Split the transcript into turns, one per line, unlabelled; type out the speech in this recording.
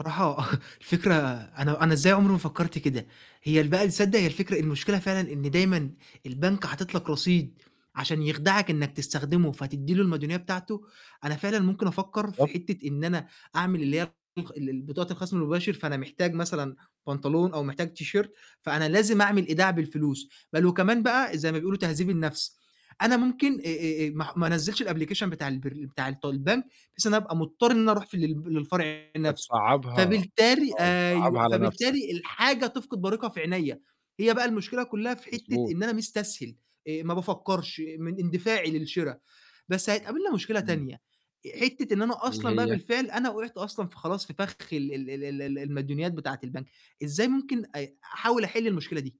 الصراحة الفكرة أنا أنا إزاي عُمري ما فكّرت كده، هي ال بقي تصدق هي الفكرة المشكلة فعلًا إن دايمًا البنك حاطط لك رصيد عشان يخدَعك إنّك تستخدمه، فتدّي له المديونية بتاعته، أنا فعلًا ممكن أفكّر في
بالضبط.
حتّة إن أنا أعمل اللي هي الطخ ال ال بطاقة الخَصم الُمباشر، فأنا محتاج مثلًا بنطلون أو محتاج تيشيرت، فأنا لازم أعمل إيداع بالفلوس بَل وكمان بقى زي ما بيقولوا تهذيب النَفْس، أنا ممكن آآ آآ آآ ما ع ما أنزّلش الأبليكيشن بتاع البرن بتاع الط البنك، بحيث إن أنا أبقى مضطر إن أنا أروح في ال للب للفرع
آآ
نَفْسه،
تصعّبها
فبالتالي
آه، تصعّبها
أيوه،
على نَفْسك.
فبالتالي الحاجة تفقد بريقها في عينيّا، هي بقى المشكلة كلّها في حتّة
مضبوط.
إن أنا مستسهل، آآ ما بافكّرش من اندفاعي للشِرا، بس هتقابلنا مشكلة
إمم.
تانية، آآ حتّة إن أنا
اللي
أصلًا بقى
هي؟
بالفعل أنا وقعت أصلًا فخلاص في فَخ ال ال ال ال ال المديونيات بتاعة البنك، إزاي ممكن أ أحاول أحِل المشكلة دي؟